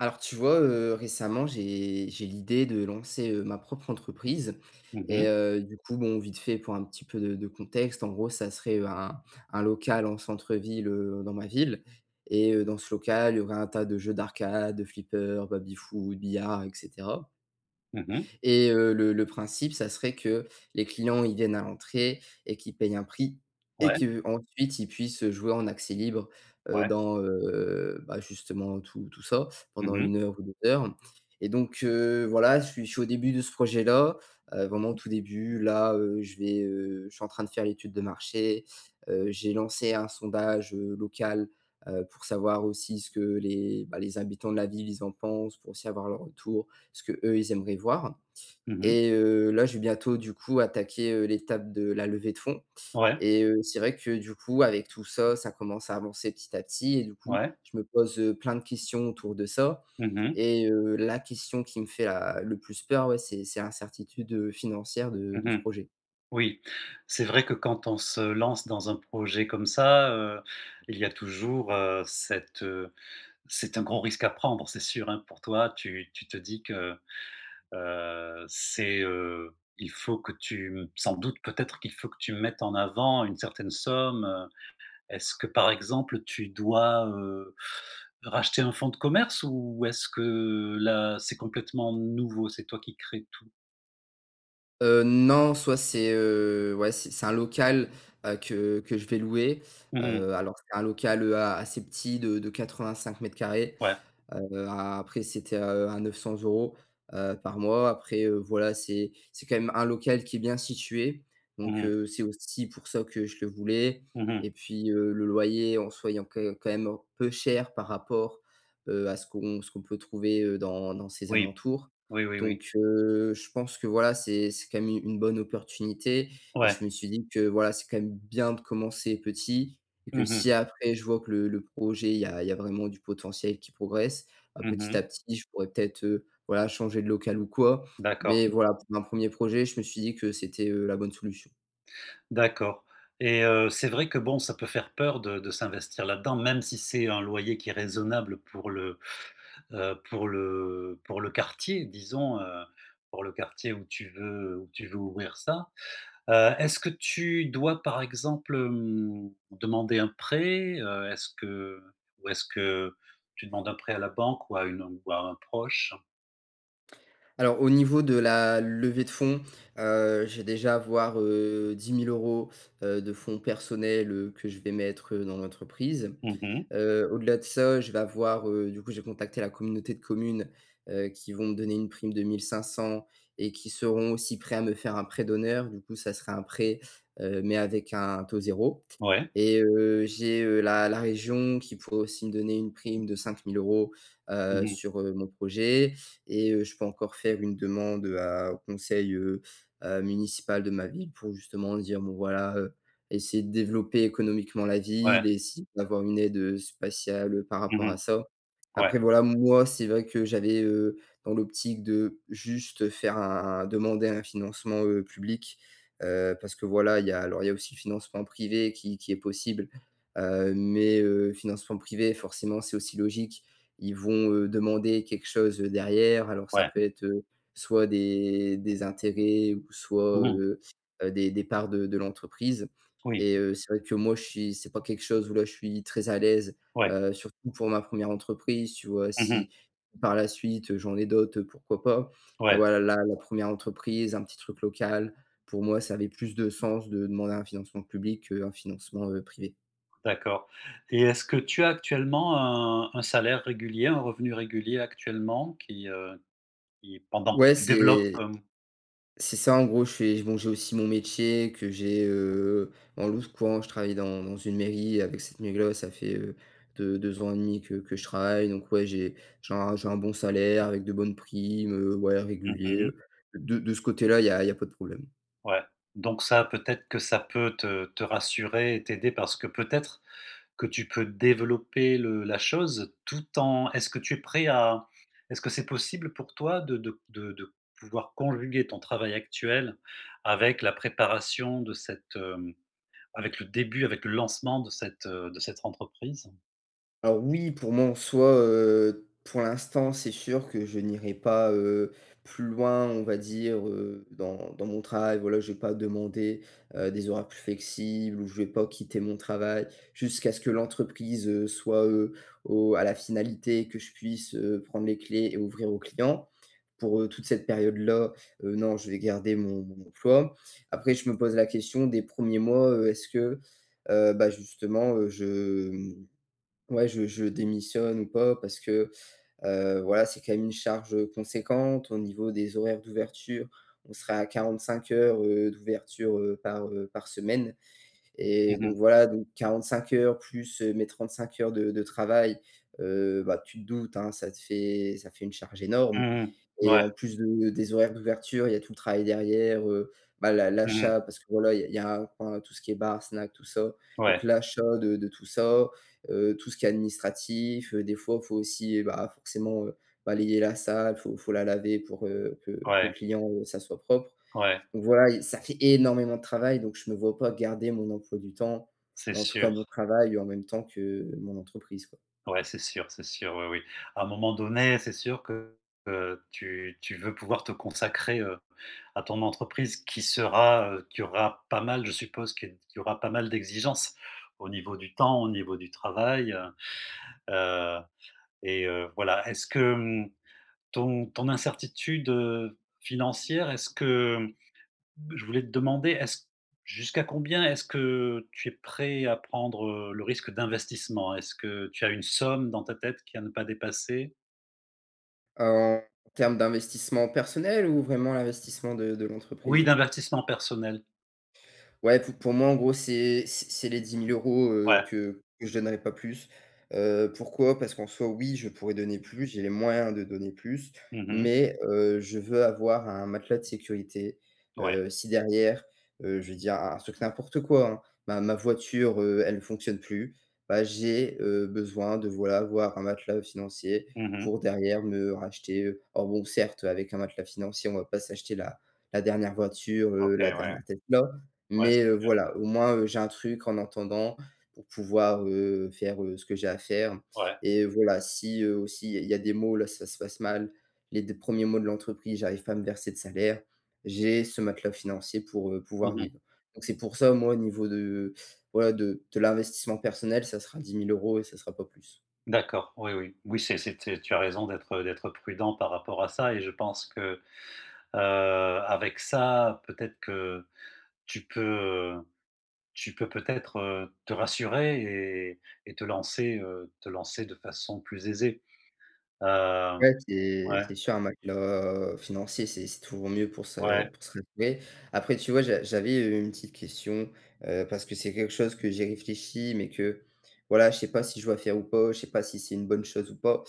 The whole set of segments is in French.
Alors tu vois, heu, récemment, j'ai j'ai l'idée de lancer, heu, ma propre entreprise Mmh et mh. heu, du coup, bon, vite fait, pour un petit peu de de contexte, en gros, ça serait, heu, un un local en centre-ville, heu, dans ma ville et heu, dans ce local, il y aurait un tas de jeux d'arcade, de flipper, baby foot, billard et cetera Mmh mh. et heu, le le principe, ça serait que les clients, ils viennent à l'entrée et qu'ils paient un prix et Ouais. qu'ensuite ils puissent, heu, jouer en accès libre, heu, Ouais. dans, heu, bah, justement tout tout ça, Mmh pendant mh. 1 heure ou 2 heures et donc heu, voilà, je suis je suis au début de ce projet-là, heu, vraiment au tout début, là, heu, je vais, heu, je suis en train de faire l'étude de marché, heu, j'ai lancé un sondage, heu, local, heu, pour savoir aussi ce que les, bah, les habitants de la ville, ils en pensent, pour aussi avoir leur retour, ce que, eux, ils aimeraient voir Mmh mh. et heu, là, je vais bientôt, du coup, attaquer, heu, l'étape de la levée de fond Ouais. et heu, c'est vrai que du coup, avec tout ça, ça commence à avancer petit à petit et du coup, Ouais. je me pose, heu, plein de questions autour de ça Mmh mh. et heu, la question qui me fait a le plus peur, ouais, c'est c'est l'incertitude, heu, financière de Mmh de ce mh. projet. Oui. C'est vrai que quand on se lance dans un projet comme ça, heu, il y a toujours, heu, cette c'est un gros risque à prendre, c'est sûr, hein pour toi, tu tu te dis que, heu, c'est, heu, il faut que tu, mmh, sans doute, peut-être qu'il faut que tu mettes en avant une certaine somme, heu, est-ce que par exemple, tu dois, heu, racheter un fond de commerce ou est-ce que, là, c'est complètement nouveau, c'est toi qui crée tout? Heu, non. Soit c'est, heu ouais, c'est c'est un local, heu, que que je vais louer. Mmh mh. Heu, alors c'est un local, heu, a assez petit, de de 85 mètres carrés. Ouais. Heu, après, c'était heu, à 900 €, heu, par mois. Après, heu, voilà, c'est c'est quand même un local qui est bien situé, Mmh donc mh. heu, c'est aussi pour ça que je le voulais. Mmh mh. Et puis, heu, le loyer, en soi, il est quand même quand même en peu cher par rapport, heu, à ce qu'on ce qu'on peut trouver, heu, dans dans ces Oui. alentours. Oui, oui, oui. Donc heu, je pense que voilà, c'est c'est quand même u une bonne opportunité et Ouais. je me suis dit que voilà, c'est quand même bien de commencer petit et que, Mmh mh. si après je vois que le le projet il y a il y a vraiment du potentiel qui progresse, bah, Mmh petit mh. à petit, je pourrais peut-être, heu, voilà changer de local ou quoi. D'accord. Mais voilà, pour un 1er projet, je me suis dit que c'était, heu, la bonne solution. D'accord et heu, c'est vrai que bon ça peut faire peur de de s'investir là-dedans, même si c'est un loyer qui est raisonnable pour le, heu, pour le pour le quartier disons, heu, pour le quartier où tu veux où tu veux ouvrir ça. Heu, est-ce que tu dois, par exemple, hem, demander un prêt? Heu, est-ce que ou est-ce que tu demandes un prêt à la banque ou à une ou à un proche? Alors, au niveau de la levée de fonds, heu, j'ai déjà avoir, heu, 10 000 €, heu, de fonds personnels, heu, que je vais mettre, heu, dans l'entreprise. Mmh mh. Heu, au-delà de ça, je vais avoir, heu, du coup, j'ai contacté la communauté de communes, heu, qui vont me donner une prime de 1 500 et qui seront aussi prêts à me faire un prêt d'honneur. Du coup, ça sera un prêt, heu, mais avec un taux 0. Ouais. Et heu, j'ai, heu, la la région qui pourrait aussi me donner une prime de 5 000 €, Mmh heu, mh. sur, heu, mon projet et heu Je peux encore faire une demande, heu, à au conseil, heu, heu, municipal de ma ville pour justement dire: «Bon voilà, heu, essayer de développer économiquement la Ouais. ville et essayer d'avoir une aide, heu, spatiale, heu, par Mmh rapport à mh. ça». Ouais. Après voilà, moi, c'est vrai que j'avais, heu, dans l'optique de juste faire un un demander un financement, heu, public. Heu, parce que, voilà, il y a, alors il y a aussi le financement privé qui qui est possible. Heu, mais heu, financement privé, forcément, c'est aussi logique, ils vont, heu, demander quelque chose, heu, derrière. Alors ça Ouais. peut être, heu, soit des des intérêts ou soit, Mmh mh. heu, heu, des des parts de de l'entreprise. Oui. Et heu, c'est vrai que moi je suis c'est pas quelque chose où là je suis très à l'aise, Ouais. heu, surtout pour ma première entreprise, tu vois? Mmh mh. Si par la suite, heu, j'en ai d'autres, heu, pourquoi pas. Et Ouais. voilà, la la première entreprise, un petit truc local, pour moi, ça avait plus de sens de demander un financement public qu'un financement, heu, privé. D'accord et est-ce que tu as actuellement un un salaire régulier, un revenu régulier actuellement, qui, heu, qui pendant que Ouais, tu développes, c'est hem? c'est ça en gros, je fais bon, j'ai aussi mon métier que j'ai, heu, [unintelligible] je travaille dans dans une mairie avec cette, [unintelligible] ça fait heu, deux-2 ans et 1/2 que que je travaillen, donc ouais, j'ai j'ai un j'ai un bon salaire avec de bonnes primes, heu, ouais, Mmh régulier, mh. heu, de de ce côté-là, il y a il y a pas de problème. Ouais, donc ça, peut-être que ça peut te te rassurer et t'aider parce que peut-être que tu peux développer le la chose tout en est-ce que tu es prêt à est-ce que c'est possible pour toi de de de de pouvoir conjuguer ton travail actuel avec la préparation de cette, hem, avec le début avec le lancement de cette, heu, de cette entreprise? Ah oui, pour moi, en soi, heu, pour l'instant, c'est sûr que je n'irai pas, heu, plus loin, on va dire, heu, dans dans mon travail, voilà, j'ai pas demandé, heu, des horaires plus flexibles ou je vais pas quitter mon travail jusqu'à ce que l'entreprise, heu, soit, heu, au à la finalité que je puisse, heu, prendre les clés et ouvrir aux clients pour, heu, toute cette période là, heu, non, je vais garder mon mon emploi. Après, je me pose la question des 1ers mois, heu: «Est-ce que, heu, ben, justement, heu, je, hem, ouais, je je démissionne ou pas?» parce que, heu, voilà, c'est quand même une charge conséquente au niveau des horaires d'ouverture. On sera à 45 heures, heu, d'ouverture, heu, par, heu, par semaine Mmh et donc mh. voilà, donc 45 heures plus mes 35 heures de de travail, heu, bah, tu te doutes, hein, ça te fait ça fait une charge énorme Mmh mh. et Ouais. en plus de des horaires d'ouverture, il y a tout le travail derrière, heu, bah, l'a Mmh mh. l'achat parce que, voilà, il y a aura ben, tout ce qui est bar, snack, tout ça, donc Ouais. l'achat de de tout ça, heu, tout ce qui est administratif, des fois il faut aussi, bah, forcément, heu, balayer la salle, faut faut la laver pour, heu, que que le Ouais. client, heu, ça soit propre, Ouais. donc voilà, y ça fait énormément de travail, donc je me vois pas garder mon emploi du temps, C'est en tout cas sûr. mon travail en même temps que mon entreprise, quoi. Ouais, c'est sûr, c'est sûr. Oui, oui, à un moment donné, c'est sûr que, heu, tu tu veux pouvoir te consacrer, heu, à ton entreprise, qui sera, heu, qui aura pas mal, je suppose, qu'il y aura pas mal d'exigences, au niveau du temps, au niveau du travail, heu. Heu, et heu, voilà. Est-ce que, hem, ton ton incertitude, heu, financière est-ce que mmh, je voulais te demander: est-ce jusqu'à combien est-ce que tu es prêt à prendre, heu, le risque d'investissement? Est-ce que tu as une somme dans ta tête qui à ne pas dépasser? En termes d'investissement personnel ou vraiment l'investissement de de Oui, l'entreprise? d'invertissement personnel. Ouais, pou pour moi en gros, c'est c'est c'est les 10 000 €, Ouais. heu, que que je donnerai pas plus. Heu, pourquoi? Parce qu'en soit, oui, je pourrais donner plus, j'ai les moyens de donner plus, Mmh mh. mais, heu, je veux avoir un matelas de sécurité. Ouais. Heu, si derrière, heu, je veux dire un un truc n'importe quoi, hein. Ma ma voiture, heu, elle fonctionne plus, bah j'ai, heu, besoin, de voilà, voir un matelas, heu, financier Mmh mh. pour derrière me racheter, heu en Bon, certes, avec un matelas financier, on va pas s'acheter la la dernière voiture, OK, heu, la ouais. dernière Tesla, Ouais, c'est mais heu, bien. voilà, au moins, heu, j'ai un truc en entendant pour pouvoir, heu, faire, heu, ce que j'ai à faire. Ouais. Et voilà, si heu, aussi il y a il y a des mo là ça se passe mal. Les 2 1res mois de l'entreprise, j'arrive pas à me verser de salaire. J'ai ce matelas financier pour, heu, Mmh pouvoir mh. vivre. Donc c'est pour ça, moi, au niveau de, voilà de de l'investissement personnel, ça sera 10 000 € et ça sera pas plus. D'accord. Oui, oui. Oui c'est c'était c'est Tu as raison d'être, heu, d'être prudent par rapport à ça et je pense que, heu, avec ça, peut-être que, tu peux, heu, tu peux peut-être, heu, te rassurer et et te lancer, heu, te lancer de façon plus aisée. Heu, Ouais, c'est ouais. c'est sûr. Un matelas financier, c'est c'est toujours mieux pour se Ouais. pour se relever. Après, tu vois, j'a j'avais une petite question, heu, parce que c'est quelque chose que j'ai réfléchi, mais que, voilà, je sais pas si je dois faire ou pas, je sais pas si c'est une bonne chose ou pas.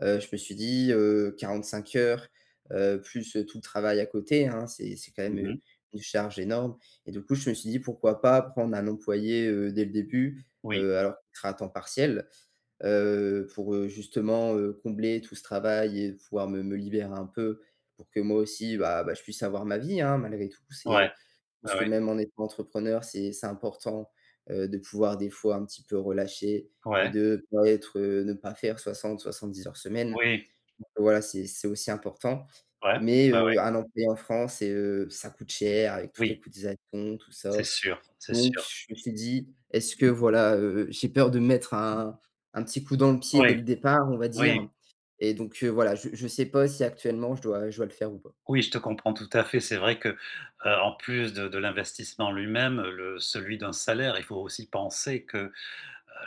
Heu, je me suis dit: «Heu, 45 heures, heu, plus, heu, tout le travail à côté hein, c'est c'est quand même Mmh une mh. charge énorme». Et du coup, je me suis dit: «Pourquoi pas prendre un employé, heu, dès le début»? Oui. Heu, alors qui sera à temps partiel. Heu, pour, heu, justement, heu, combler tout ce travail et pouvoir me, me libérer un peu, pour que moi aussi, bah bah, je puisse avoir ma vie, hein, malgré tout, Ouais. c'est Je Ouais, pense que ouais. même en étant entrepreneur, c'est c'est important, heu, de pouvoir des fois un petit peu relâcher et Ouais. de pas être, heu, ne pas faire 60, 70 heures semaine. Oui. Donc, heu, voilà, c'est c'est aussi important. Ouais. Mais Ouais, heu, ouais. un employé en France et heu, ça coûte cher avec toutes les Oui. cotisations, tout C'est ça. sûr. C'est Donc sûr. je me suis dit: «Est-ce que voilà, heu, j'ai peur de mettre un un petit coup dans le Oh pied dès ouais. le départ, on va Oui. dire?» Et donc heu, voilà, je je sais pas si actuellement je dois je dois le faire ou pas. Oui, je te comprends tout à fait. C'est vrai que, heu, en plus de de l'investissement lui-même, heu, le celui d'un salaire, il faut aussi penser que, heu,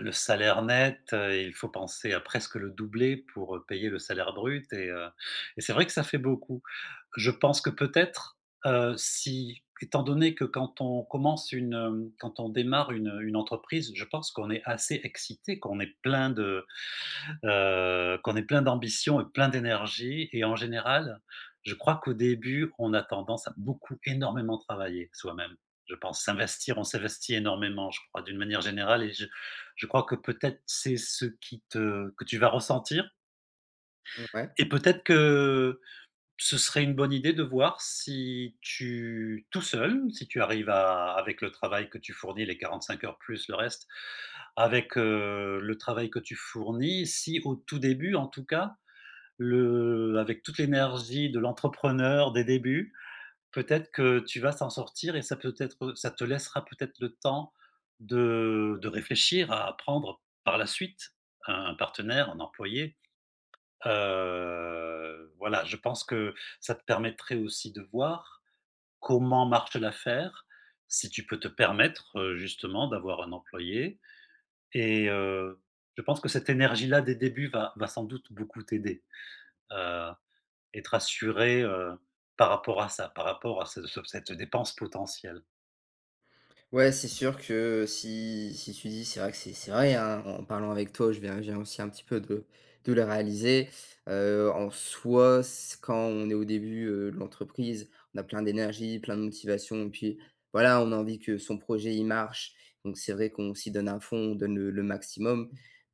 le salaire net, il faut penser à presque le doubler pour, heu, payer le salaire brut et, heu, et c'est vrai que ça fait beaucoup. Je pense que peut-être, heu, si, étant donné que quand on commence une, hem, quand on démarre une, heu, une entreprise, je pense qu'on est assez excité qu'on est plein de, heu, qu'on est plein d'ambition et plein d'énergie et en général, je crois qu'au début, on a tendance à beaucoup énormément travailler soi-même, je pense. S'investir, on s'investit énormément, je crois, d'une manière générale et je je crois que peut-être c'est ce qui te que tu vas ressentir. Mmh ouais. Et peut-être que, ce serait une bonne idée de voir si tu tout seul, si tu arrives à avec le travail que tu fournis les 45 heures plus le reste, avec, heu, le travail que tu fournis. Si au tout début en tout cas, le avec toute l'énergie de l'entrepreneur des débuts, peut-être que tu vas s'en sortir et ça peut être, heu Ça te laissera peut-être le temps de de réfléchir à prendre par la suite un partenaire, un employé. Heu, voilà, je pense que ça te permettrait aussi de voir, comment marche l'affaire? Si tu peux te permettre, heu, justement d'avoir un employé. Et heu, je pense que cette énergie-là des débuts va va sans doute beaucoup t'aider. Heu, et te rassurer, heu, par rapport à ça. Par rapport à ce cet cette dépense potentielle. Ouais, c'est sûr que si si tu dis c'est vrai que c'est c'est vrai, hein, en parlant avec toi, je viens je viens aussi un petit peu de de le réaliser, heu, en soi, s quand on est au début, heu, de l'entreprise, on a plein d'énergie, plein de motivation et puis, voilà, on a envie que son projet il marche, donc c'est vrai qu'on s'y donne à fond, on donne le le maximum,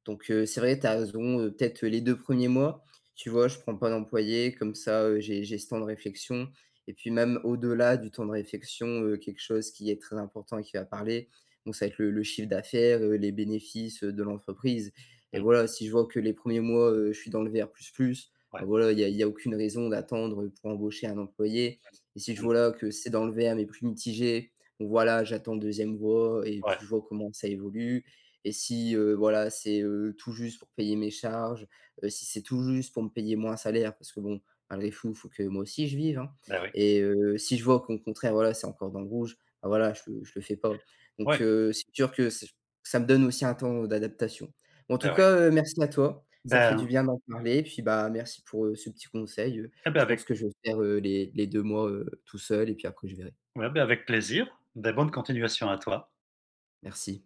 donc heu, c'est vrai, tu as raison, peut-être les 2 1ers mois, tu vois, je prends pas d'employé, comme ça, heu, j'ai j'ai ce temps de réflexion et puis même, au-delà du temps de réflexion, heu, quelque chose qui est très important et qui va parler, donc, ça va être le le chiffre d'affaires, heu, les bénéfices, heu, de l'entreprise et Mmh. voilà, si je vois que les 1ers mois, heu, je suis dans le vert plus, plus, Ouais. bah voilà, il y a il y a aucune raison d'attendre pour embaucher un employé et si je Ouais. Mmh. vois, là, que c'est dans le vert mais plus mitigé, donc voilà, j'attends le 2e vois et puis Ouais. je vois comment que ça évolue et si, heu, voilà, c'est heu, tout juste pour payer mes charges, heu, si c'est tout juste pour me payer, moi, un salaire parce que bon, malgré fou, il faut que moi aussi je vive, hein Beh, oui. et heu, si je vois qu'au contraire, voilà, c'est encore dans le rouge, bah, voilà, je je le fais pas, donc Ouais. heu, c'est sûr que ç ça me donne aussi un temps d'adaptation. Mais en tout Beh, ouais. cas, heu, merci à toi. Ça fait du Ben. bien d'en parler et puis, bah, merci pour, heu, ce petit conseil, heu. Ah, bah, Je pense avec que je vais faire, heu, les les 2 mois, heu, tout seul et puis après je verrai. Ouais, beh, avec plaisir! Beh, bonne continuation à toi. Merci.